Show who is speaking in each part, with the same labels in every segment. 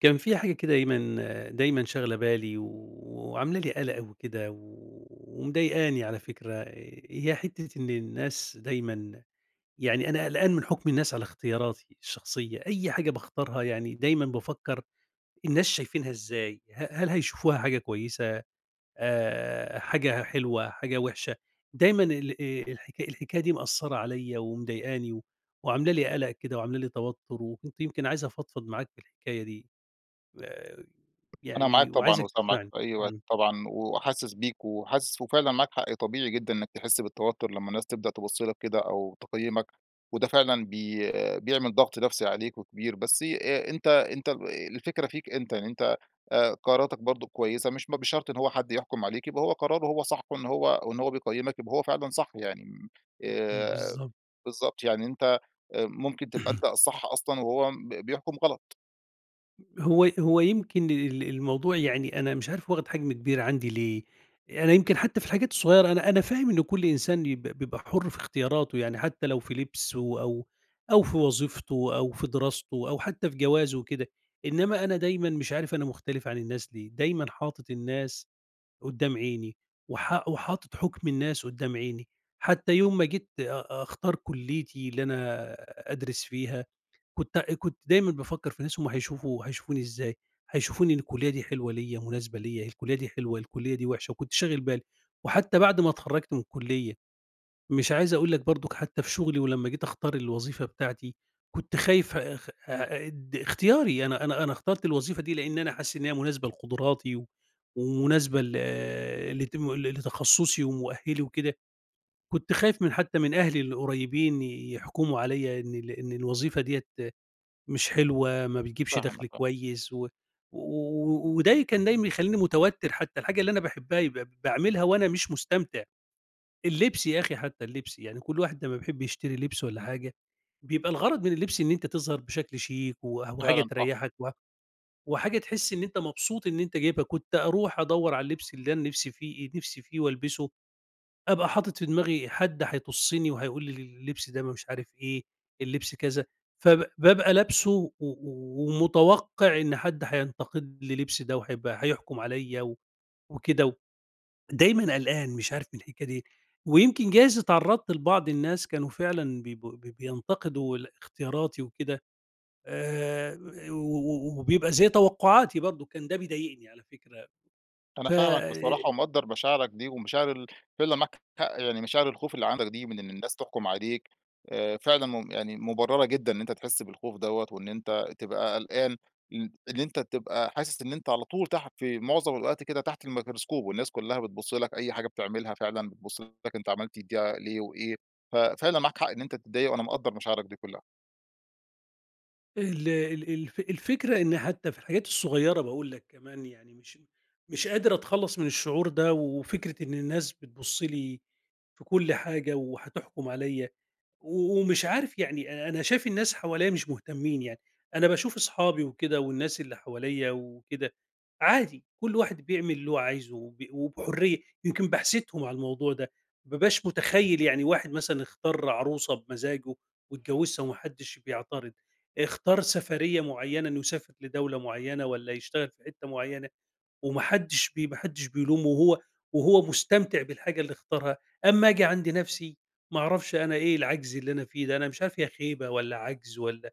Speaker 1: كان في حاجة كده دايمًا دايمًا شاغلة بالي و وعاملة لي قَلَق وكده و ومضايقني على فكرة، هي حتّة إن الناس دايمًا يعني أنا قلقان من حُكم الناس على اختياراتي الشخصية، أي حاجة باختارها يعني دايمًا بافكّر الناس شايفينها إزاي؟ ه هل هيشوفوها حاجة كويسة، آآ حاجة حلوة، حاجة وِحشة؟ دايمًا ال آآ الح الحكاية دي مأثّرة عليّا ومضايقاني و وعاملة لي قَلَق كده وعاملة لي توتُّر وكنت يمكن عايز أفضفض معاك في الحكاية دي. آآ
Speaker 2: أنا معاك
Speaker 1: يعني
Speaker 2: طبعًا
Speaker 1: وعايزك
Speaker 2: وسامعك
Speaker 1: تسمعني
Speaker 2: في أي وقت
Speaker 1: إمم.
Speaker 2: طبعًا وحاسِس بيك و وحاسِس وفعلًا معاك حق طبيعي جدًا إنّك تحِس بالتوتُّر لمّا الناس تبدأ تِبُص لك كده أو تقيّمَك وده فعلًا بي بيعمل ضَغْط نَفْسي عليك وكبير، بس آآ، أنت أنت آآ الفكرة فيك أنت، يعني أنت آآ قراراتك برضه كويسة، مش ب بشرط إن هو حد يحكُم عليك يبقى هو قراره هو صح وإنه هو وإنه هو بيقيّمك يبقى هو فعلًا صح. يعني
Speaker 1: إمم، إمم
Speaker 2: آآ
Speaker 1: بالضبط.
Speaker 2: بالضبط، يعني أنت آآ، ممكن تبقى
Speaker 1: اهم.
Speaker 2: أنت الصح أصلًا وهو ب بيحكُم غلط.
Speaker 1: هو هو يمكن ال الموضوع يعني أنا مش عارف واخد حجم كبير عندي ليه، أنا يمكن حتى في الحاجات الصغيّرة، أنا أنا فاهم إنه كُلّ إنسان ب بيبقى حُر في اختياراته، يعني حتى لو في لِبسه أو أو في وظيفته أو في دراسته أو حتى في جوازه وكده، إنما أنا دايمًا مش عارف أنا مختلف عن الناس ليه، دايمًا حاطط الناس قدّام عيني، وحا وحاطط حُكم الناس قدّام عيني، حتى يوم ما جيت أ أختار كُلِّيتي اللي أنا أدرس فيها، كت كنت دايمًا بافكر في ناس هُم هيشوفوا هيشوفوني إزاي، هيشوفوني إن الكُلِّيَّة دي حلوة ليَّ، مناسبة ليَّ، الكُلِّيَّة دي حلوة، الكُلِّيَّة دي وحشة، وكنت شاغل بالي، وحتى بعد ما اتخرَّجت من الكُلِّيَّة، مش عايز أقول لك برضك حتى في شغلي، ولمّا جيت أختار الوظيفة بتاعتي، كنت خايف آآ، اد اختياري، أنا أنا أنا اخترت الوظيفة دي لأن أنا حاسس إن هي مناسبة لقدراتي و ومناسبة ل لتم لتخصصي ومؤهلي وكده، كنت خايف من حتى من أهلي القريّبين يحكموا عليّا إن ال إن الوظيفة ديَّة مش حلوة، ما بيجيبش
Speaker 2: فاهمك
Speaker 1: دخل
Speaker 2: آه.
Speaker 1: كويس، و وده كان دايمًا يخلّيني متوتر، حتى الحاجة اللي أنا باحبها يبقى ب باعملها وأنا مش مستمتع. اللبس يا أخي حتى، اللبس، يعني كُلّ واحد لمّا بيحب يشتري لِبس والّا حاجة، بيبقى الغرض من اللبس إن أنت تظهر بشكل شيك وح وحاجة
Speaker 2: فعلًا صح.
Speaker 1: تريّحَك و وحاجة تحس إن أنت مبسوط إن أنت جايبها، كنت أروح أدوّر على اللبس اللي أنا نِفسي فيه نِفسي فيه والبِسه، أبقى حاطط في دماغي حد هيطُسّني وهيقول لي اللبس ده م مش عارف إيه، اللبس كذا، فب بابقى لابسُه و و ومتوقع إن حد هينتقد لي لبسي ده وهيبقى هيحكم عليّا وكده، ودايمًا قلقان مش عارف من الحكاية دي، ويمكن جايز اتعرّضت لبعض الناس كانوا فعلًا بيب بينتقدوا ال اختياراتي وكده. آآ، و و وبيبقى زي توقعاتي برضك كان ده بيضايقني على فكرة،
Speaker 2: أنا
Speaker 1: ف
Speaker 2: فاهمك بصراحة ومقدّر مشاعرك دي ومشاعر ال فعلًا معاك حق، يعني مشاعر الخوف اللي عندك دي من إن الناس تحكم عليك، آآ، فعلًا م يعني مُبررة جدًا إن أنت تحس بالخوف دوّة وإن أنت تبقى قلقان، ال اللي أنت تبقى حاسس إن أنت على طول تحت، في معظم الاوقات كده، تحت الميكروسكوب، والناس كلّها بتبص لك، أي حاجة بتعملها فعلًا بتبص لك، أنت عملت دي ليه وإيه، ف فعلًا معاك حق إن أنت تتضايق، وأنا مقدّر مشاعرك دي كلّها.
Speaker 1: ال ال الف الفكرة إن حتى في الحاجات الصغيرة، بقول لك كمان يعني، مش مش قادر أتخلَّص من الشعور ده، وفكرة إن الناس بتبُصّ لي في كل حاجة وهتحكُم عليَّا، و ومش عارِف يعني. أنا شايِف الناس حواليَّا مش مهتمِّين يعني، أنا باشوف أصحابي وكده والناس اللي حواليَّا وكده، عادي، كل واحد بيعمل اللي هو عايزه، وب وبحُرية. يمكن باحسدهم على الموضوع ده، ما بابقاش متخيِّل يعني، واحد مثلًا اختار عروسة بمَزَّاجه واتجوَّزها وما حدِّش بيعتَرِض، اختار سَفرية معيَّنة إنه يسافر لدولة معيَّنة، والّا يشتغَل في حتَّة معيَّنة، وما حدِّش بي ما حدِّش بيلومه، وهو وهو مستمتِع بالحاجة اللي اختارها. أمَّا أجي عند نفسي، ما أعرَفش، أنا إيه العجز اللي أنا فيه ده، أنا مش عارِف هي خيبة والّا عجز والّا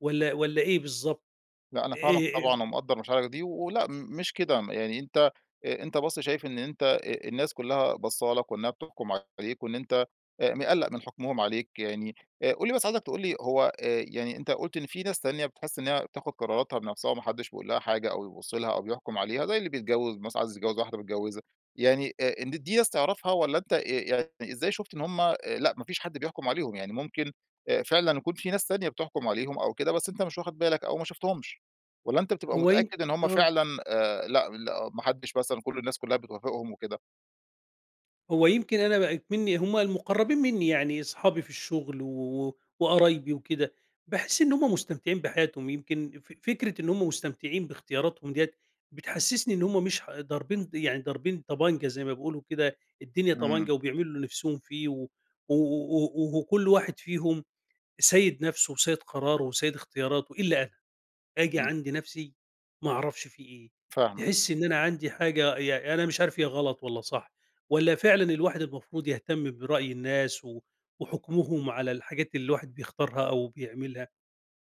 Speaker 1: والّا والّا إيه بالضبط،
Speaker 2: لا، أنا فاهمَك
Speaker 1: آآ
Speaker 2: طبعًا، ومقدِّر مشاعرَك دي. ولأ مش كده، يعني أنتَ أنتَ بس شايِف إن أنتَ آآ، الناس كلها بصَّالك وإنها بتحكُم عليك، وإن أنتَ مقلِق من حكمهم عليك يعني. آآ، قل لي بس، عايزَك تقول لي، هو آآ يعني أنتَ قُلت إن في ناس تانية بتحِس إنها بتاخُد قراراتها بنفسها وما حدِّش بيقولها حاجة، أو يبُصّ لها، أو بيحكُم عليها، زي اللي بيتجوِّز مثلًا، عايِز يتجوِّز واحدة بيتجوِّزها. يعني، آآ، إن دي ناس تعرِفها، ولا أنتَ آآ، يعني، إزاي شُفت إن هُم آآ لا، ما فيش حد بيحكُم عليهم؟ يعني ممكن آآ فعلًا يكون في ناس تانية بتحكُم عليهم أو كده، بس أنتَ مش واخِد بالك، أو ما شفتهمش، والّا أنتَ بتبقى
Speaker 1: هو يم
Speaker 2: متأكد إن هُم
Speaker 1: آه.
Speaker 2: فعلًا آآ، لأ لأ، ما حدِّش مثلًا كل الناس كلها بتوافِقهم وكده؟
Speaker 1: هو يمكن أنا بقى إكمني هُم المقرَّبين مِنِّي يعني، أصحابي في الشغل و و وقرايبي وكده، باحس إن هُم مستمتِعين بحياتهم. يمكن ف فكرة إن هُم مستمتِعين باختياراتهم ديَّة، بتحسِّسني إن هُم مش ح ضاربين يعني ضاربين طَبَنجة، زي ما بيقولوا كده، الدنيا
Speaker 2: إمم.
Speaker 1: طَبَنجة، وبيعملوا اللي نفسهم فيه، و و و و وكل واحد فيهم سيِّد نفسه وسيِّد قراره وسيِّد اختياراته. إلا أنا، آجي
Speaker 2: إمم.
Speaker 1: عند نفسي، ما أعرفش في إيه!
Speaker 2: فاهمك.
Speaker 1: تحس إن أنا عندي حاجة ي يعني، أنا مش عارِف هي غلَط والّا صح، والّا فعلًا الواحد المفروض يهتم برأي الناس و وحُكمهم على الحاجات اللي الواحد بيختارها أو بيعملها،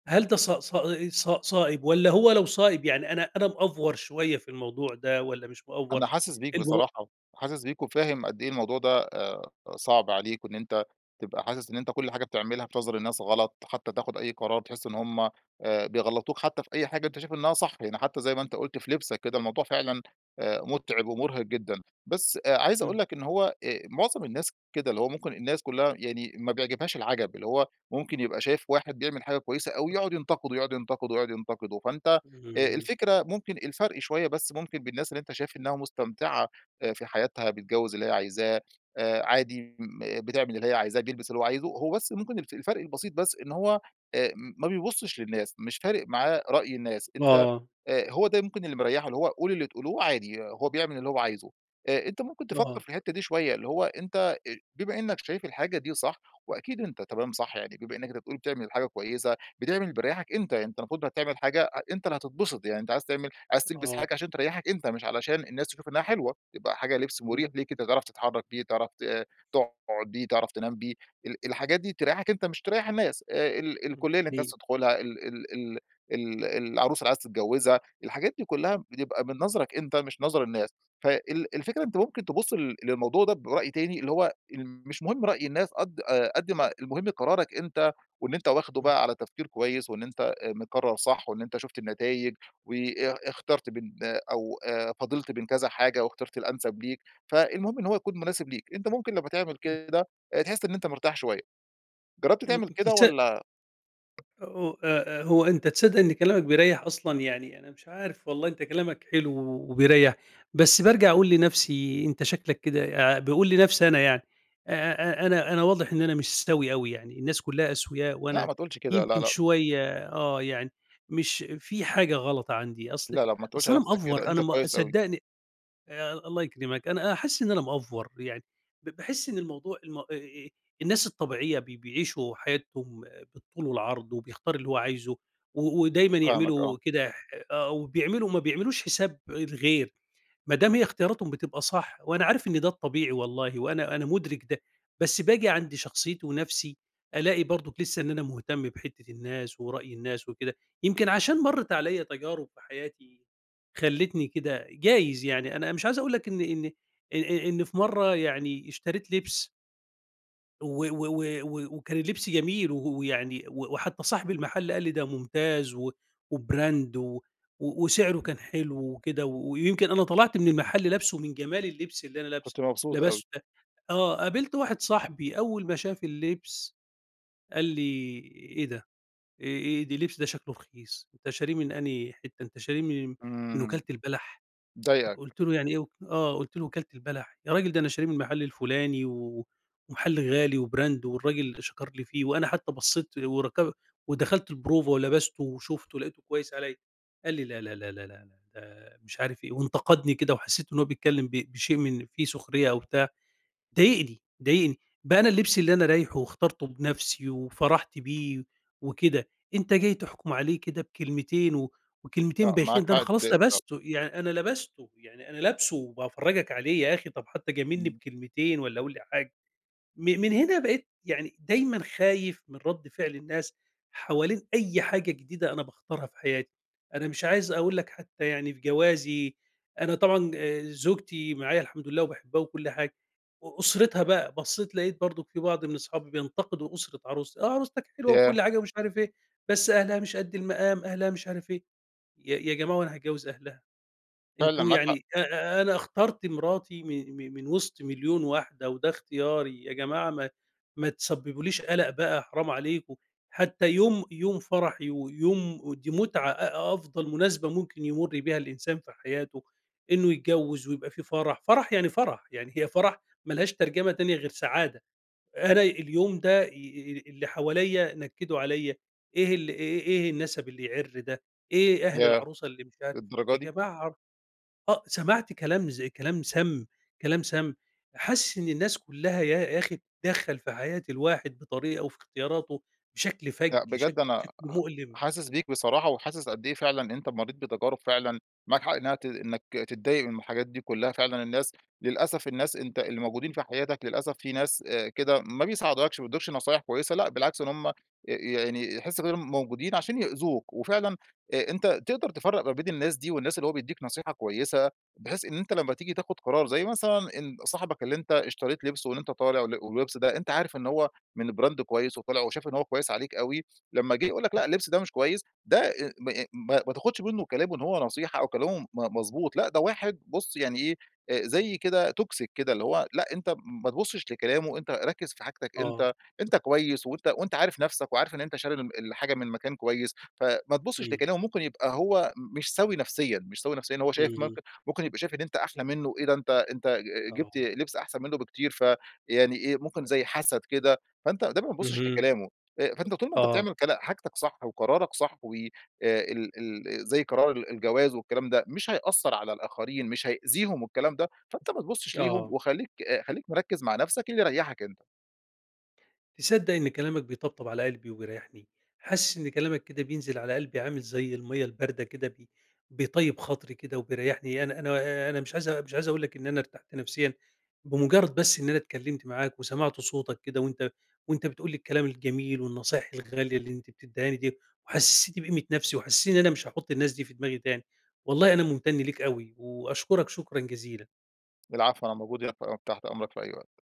Speaker 1: هل ده صا صا آآ، صا صائِب والّا هو لو صائِب، يعني أنا أنا مأفور شوية في الموضوع ده والّا مش مأفور،
Speaker 2: أنا حاسس بيك
Speaker 1: المو
Speaker 2: بصراحة، حاسس بيك وفاهم قد إيه الموضوع ده آآ، صعب عليك، وإن أنتَ تبقى حاسس إن أنتَ كل حاجة بتعملها في نظَر الناس غلَط، حتى تاخُد أي قرار تحس إن هُم آآ، بيغلِّطوك، حتى في أي حاجة أنتَ شايِف إنها صح، يعني حتى زي ما أنتَ قُلت في لِبسَك. كده الموضوع فعلًا آآ، متعِب ومُرهق جدًا. بس عايِز أقول
Speaker 1: إمم.
Speaker 2: لك إن هو آآ، معظم الناس كده، اللي هو ممكن الناس كلّها يعني ما بيعجِبهاش العجَب، اللي هو ممكن يبقى شايِف واحد بيعمل حاجة كويِسة أوي، يقعد ينتقِده، يقعد ينتقِده، يقعد ينتقِده. فأنتَ آآ،
Speaker 1: إمم.
Speaker 2: الفكرة ممكن الفرق شوية بس ممكن بالناس اللي شايِف إنها مستمتِعة في حياتها، بتجوِّز اللي هي عايزاه، آآ، عادي م بتعمل اللي هي عايزاه، بيلبَس اللي هو عايزه. هو بس ممكن الف الفرق البسيط بس، إن هو آآ، ما بيبُصِّش للناس، مش فارق معاه رأي الناس. أنتَ
Speaker 1: آه.
Speaker 2: آآ، هو ده ممكن اللي مريِّحه، اللي هو قولوا اللي تقولوه، عادي هو بيعمل اللي هو عايزه. آآ، أنتَ ممكن تفكر
Speaker 1: آه.
Speaker 2: في الحتَّة دي شوية. اللي هو أنتَ بما إنَّك شايِف الحاجة دي صح، وأكيد أنتَ تمام صح يعني. بما إنَّك أنتَ بتقل بتعمل حاجة كويِسة، بتعمل اللي بيريِّحَك أنتَ. يعني، أنتَ المفروض هتعمل حاجة أنتَ اللي هتتبسط، يعني أنتَ عايِز تعمل عايِز تلبَس
Speaker 1: آه.
Speaker 2: حاجة عشان تريِّحَك أنتَ، مش علشان الناس تشوف إنها حلوة. يبقى حاجة لِبس مريح ليك أنتَ، تعرف تتحرَّك بيه، تعرف ت تقعد بيه، تعرف تنام بيه. ال الحاجات دي تريِّحَك أنتَ، مش تريِّح الناس. آآ، ال ال الكُلِّية اللي أنتَ عايِز
Speaker 1: [unintelligible]
Speaker 2: تدخلها، ال ال ال ال العروسة اللي عايِز تتجوِّزها. الحاجات دي كلها بتبقى من نظرَك أنتَ، مش نظَر الناس. فال الفكرة، أنتَ ممكن تبُصّ ل للموضوع ده برأي تاني، اللي هو مش مهم رأي الناس، قد قد ما المهم قرارك أنتَ، وإن أنتَ
Speaker 1: إمم.
Speaker 2: واخده على تفكير كويِس، وإن أنتَ مقرِّر صح، وإن أنتَ شُفت النتايِج، وا اختَرت بين ده أو آآ، فاضلت بين كذا حاجة واختَرت الأنسَب ليك. فالمهم إن هو يكون مناسب ليك أنتَ. ممكن لمَّا تعمل
Speaker 1: إمم.
Speaker 2: كده تحس إن أنتَ مرتاح شوية. جرَّبت
Speaker 1: إمم
Speaker 2: تعمل كده
Speaker 1: تصد
Speaker 2: والّا؟
Speaker 1: أو آآ، آآ، هو أنتَ تصدَّق إن كلامَك بيريح أصلًا يعني، أنا مش عارِف، والله أنتَ كلامَك حلو و وبيريح. بس بارجع أقول لنفسي: "أنتَ شكلَك كده" باقول لي نفسي أنا يعني: "أ أ أنا أنا واضِح إن أنا مش سوِيّ أوي يعني، الناس كلها أسوياء
Speaker 2: لأ،
Speaker 1: وأنا
Speaker 2: ما تقولش كده، لأ،
Speaker 1: يمكن
Speaker 2: لأ.
Speaker 1: شوية آه يعني، مش في حاجة غلَط عندي"، أصل
Speaker 2: لأ، لأ، ما تقولش
Speaker 1: أصل
Speaker 2: على
Speaker 1: أنا
Speaker 2: نفسك كده،
Speaker 1: مأفور،
Speaker 2: أنت
Speaker 1: أنا ما
Speaker 2: كويس أوي.
Speaker 1: صدِّقني الله يكرِمَك، أنا حاسس إن أنا مأفور يعني. ب باحس إن الموضوع الم آآ، الناس الطبيعية بي بيعِيشوا حياتهم بالطول والعرض، وبيختار اللي هو عايزه، و ودايمًا
Speaker 2: فاهمك، آه.
Speaker 1: يعملوا كده ح آه، وبيعملوا ما بيعملوش حساب الغير، ما دام هي اختياراتهم بتبقى صح. وأنا عارف إن ده الطبيعي والله، وأنا أنا مُدرِك ده، بس باجي عند شخصيَّتي ونفسي، ألاقي برضَك لسَّه إن أنا مهتم بحتَّة الناس ورأي الناس وكده. يمكن عشان مرَّت عليَّا تجارِب في حياتي خلَّتني كده، جايِز يعني. أنا مش عايِز أقول لك إني إني إ إ إن في مرَّة يعني اشتريت لِبس و و و و وكان اللبس جميل، و ويعني وحتى صاحب المحل قال لي ده مُمتاز، و وBrand و وسعره كان حلو وكده، ويمكن أنا طلعت من المحل لابسُه من جمال اللبس اللي أنا لابسُه،
Speaker 2: كنت مبسوط أوي.
Speaker 1: لبستُه ده آه، قابلت واحد صاحبي أول ما شاف اللبس، قال لي إيه ده، آآ آآ ده اللِبس ده شكله رخيص، أنت شارِيه من أنهي حِتّه، أنت شارِيه من من
Speaker 2: إمم،
Speaker 1: وكالة البلح،
Speaker 2: ضايقك.
Speaker 1: قُلت له يعني إيه وك آه، قُلت له وكالة البلح؟ يا راجل ده أنا شاريه من محل الفُلاني، و ومحل غالي وBrand والراجل شكر لي فيه، وأنا حتى بصّيت وركب ودخلت البروفة ولبسته وشوفته، لقيته كويس عليّا، قال لي لا لا لا لا لا لا ده مش عارف إيه، وانتقدني كده وحسيت إنه هو بيتكلم ب بشيء من في سخرية أو بتاع، ضايقني، ضايقني بقي أنا اللبس اللي أنا رايحه واخترته بنفسي وفَرَحت بيه وكده، أنت جاي تحكُم عليه كده بكلمتين، و وكلمتين
Speaker 2: لأ، معاك
Speaker 1: بايخين، ده أنا
Speaker 2: حق
Speaker 1: خلاص
Speaker 2: تضايق فعلًا.
Speaker 1: لبستُه، يعني أنا لبستُه، يعني أنا لابسُه وبافرجك عليه، يا أخي طب حتى جاملني
Speaker 2: امم.
Speaker 1: بكلمتين والّا قولي حاجه، م من هنا بقيت يعني دايمًا خايف من رَدّ فعل الناس، حوالين أي حاجة جديدة أنا باختارها في حياتي، أنا مش عايز أقول لك حتى يعني في جوازي أنا طبعًا آآ زوجتي معايا الحمد لله وباحبها وكُلّ حاجة، أ أُسرتها بقى بصّيت لقيت برضه في بعض من أصحابي بينتقدوا أُسرة عروستي آه، عروستك حلوة
Speaker 2: ياه!
Speaker 1: وكُلّ حاجة ومش عارف إيه، بس أهلها مش قد المقام، أهلها مش عارف إيه، يا يا جماعة هو أنا هاتجوز أهلها؟
Speaker 2: فعلًا،
Speaker 1: أنتم
Speaker 2: معاك حق.
Speaker 1: يعني أ أ أنا اخترت مرَاتي من م من وسط 1.000.000 واحدة، وده إختياري، يا جماعة ما ما تسببوليش قلق بقى حرام عليكم، حتّى يوم يوم فرحي، ويوم ودي مُتعة أ أفضل مُناسبة ممكن يمُر بيها الإنسان في حياته، إنه يتجوز ويبقى في فرح، فرح يعني فرح، يعني هي فرح ما لهاش ترجمة تانية غير سعادة، أنا اليوم ده ي ي اللي حواليّا نكدوا عليّا، إيه ال إيه إيه النسب اللي يعر ده؟! إيه أهل
Speaker 2: ياه!
Speaker 1: العروسة اللي مش عارف
Speaker 2: للدرجة
Speaker 1: يا
Speaker 2: دي؟!
Speaker 1: جماعة آه، سمعت كلام زي كلام سام كلام سام، حاسِس إن الناس كُلّها يا أخي بتتدخل في حياة الواحد بطريقة وفي اختياراته، بشكل
Speaker 2: لأ،
Speaker 1: فج شكل
Speaker 2: بجد أنا آآ
Speaker 1: شكل مؤلم.
Speaker 2: حاسس بيك بصراحة، وحاسس قد إيه فعلًا أنت مريت بتجارب فعلًا، معاك حق إنها ت إنك تتضايق من الحاجات دي كُلّها، فعلاً الناس للأسف الناس أنت اللي موجودين في حياتك للأسف في ناس آآ كده ما بيساعدوكش ما بيدوكش نصايح كويسة لأ، بالعكس إن هُم يعني ي يحس بإنهم موجودين عشان يأذوك، وفعلًا آآ أنت تقدر تفرّق ما بين الناس دي، والناس اللي هو بيديك نصيحة كويسة، بحيث إن أنت لما تيجي تأخُد قرار، زي مثلًا ال صاحبك اللي أنت اشتريت لبسه، وإن أنت طالع، وال واللبس ده، أنت عارف إن هو من Brand كويس وطلع، وشاف إن هو كويس عليك أوي، لمّا جه يقول لك لأ، اللبس ده مش كويس، ده آآ م م ما تاخدش منُه كلامُه إن هو نصيحة، أو كلامُه مضبوط لأ، ده واحد بُص يعني إيه، آآ زي كده Toxic كده اللي هو لأ، أنت ما تبُصّش لكلامُه، وأنت ركز في حاجتك
Speaker 1: آه.
Speaker 2: أنت أنت كويس، وأنت وأنت عارف نفسك، وعارف إن أنت شاري من ال الحاجة من مكان كويس، ف ما تبُصّش
Speaker 1: إمم.
Speaker 2: لكلامُه، ممكن يبقى هو م مش سَوِي نفسيًا، مش سَوِي نفسيًا، إن هو شايف
Speaker 1: اهم.
Speaker 2: ممكن ممكن يبقى شايف إن أنت أحلى مِنُّه إيه، ده أنت أنت ج جبت
Speaker 1: آه.
Speaker 2: لبس أحسن مِنُّه بكتير، ف يعني إيه ممكن زي حسد كده، فأنت ده ما تبُصّش
Speaker 1: اهم.
Speaker 2: لكلامُه، آآ فأنت طول ما أنت
Speaker 1: آه.
Speaker 2: بتعمل كلا حاجتك صح وقرارك صح، وآآ ال ال زي قرار ال الجواز والكلام ده، مش هيأثر على الآخرين، مش هيأذيهم والكلام ده، فأنت ما تبُصّش ليهم،
Speaker 1: آه.
Speaker 2: وخلّيك آآ خلّيك مِركّز مع نفسك، اللي يريحك أنت.
Speaker 1: تصدق إن كلامك بيطبطب على قلبي وبيريحني، حاسِس إن كلامك كده بينزِل على قلبي عامل زي المَيّة الباردة كده بي بيطيّب خاطري كده وبيريحني، يعني أنا أنا أنا مش عايز مش عايز أقولك إن أنا أرتحت نفسيًا بمُجرد بس إن أنا اتكلمت معاك، وسمعت صوتك كده، وأنت وأنت بتقول لي الكلام الجميل، والنصايح الغالية اللي أنت بتديهني ديّة، وحسِستني بقيمة نفسي، وحسيت إن أنا مش هاحُطّ الناس دي في دماغي تاني، والله أنا مُمتن ليك أوي، وأشكرك شكرًا جزيلًا.
Speaker 2: العفو، أنا موجود هنا ف تحت أمرك في أي وقت.